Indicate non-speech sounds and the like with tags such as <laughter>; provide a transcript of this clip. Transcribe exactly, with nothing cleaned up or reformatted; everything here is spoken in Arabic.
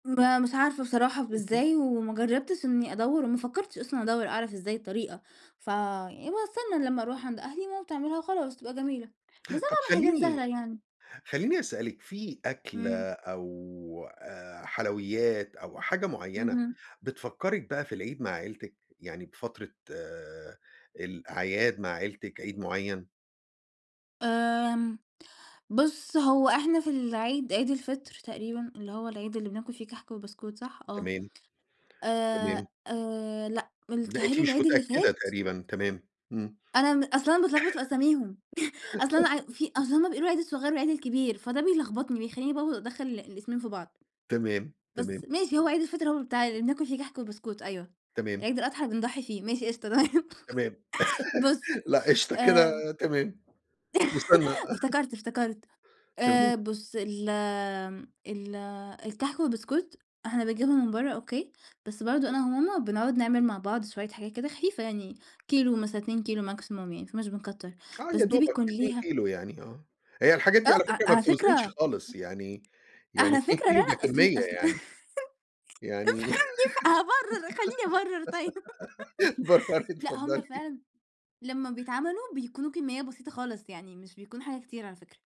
ما مش عارفة بصراحة ب اهم. إزاي وما جرّبتش إنّي أدوّر، وما فكّرتش أصلًا أدوّر أعرف إزاي الطريقة، ف يعني باستنى لمّا أروح عند أهلي ماما بتعملها وخلاص وتبقى جميلة، بس أنا طَب باعمل حاجات خلّيني، سهلة يعني. خلّيني أسألِك في إمم. أكلة أو آآ حلويات أو حاجة معيّنة اهم. بتفكّرِك بقى في العيد مع عيلتِك؟ يعني بفترة آآ الأعياد مع عيلتِك عيد معيّن؟ آمم بُص هو إحنا في العيد عيد الفطر تقريبًا اللي هو العيد اللي بناكل فيه كحك وبسكوت صح؟ آه تمام. تمام. آآ آآ لأ، مل لأ، بيتهيأ أنتِ لي مش العيد اللي متأكدة فات؟ تقريبًا تمام. إمم. أنا م أصل أنا باتلخبط في أساميهم <chuckles> أصل ع <chuckles> وفي أصل هُم بيقولوا العيد الصغيّر والعيد الكبير فده بيلخبطني بيخلّيني بقى و أدخّل ال الاسمين في بعض. تمام، تمام. بس ماشي هو عيد الفطر هو اللي بتاع اللي بناكل فيه كحك وبسكوت أيوه، تمام. عيد الأضحى بنضحّي فيه ماشي قشطة تمام تمام. بُص <laughs> لأ، قشطة كده آمم تمام. مُثنّى. <chuckles> افتكرت، افتكرت تمام. آآ بُص ال امم ال الكحك والبسكوت إحنا بنجيبهم من برّا أوكي؟ بس برضه أنا وماما بنقعُد نعمل مع بعض شوية حاجات كده خفيفة يعني كيلو مثلًا اتنين كيلو maximum يعني ماكناش بنكتّر آه، بس يا دي دوبك بيكون اتنين ليها كيلو يعني آه، هي الحاجات آه، دي على أ أ فكرة ما على بتوزنش فكرة خالص يعني، يعني على اتنين فكرة لأ، كيلو ده أصل، كمّية أصل يعني. <laughs> يعني افهمني، افه هابرر خلّيني أبرر طيب <laughs> برري لأ، هُم اتفضلي. فعلًا لمّا بيتعملوا بيكونوا كمّية بسيطة خالص يعني مش بيكون حاجة كتير على فكرة.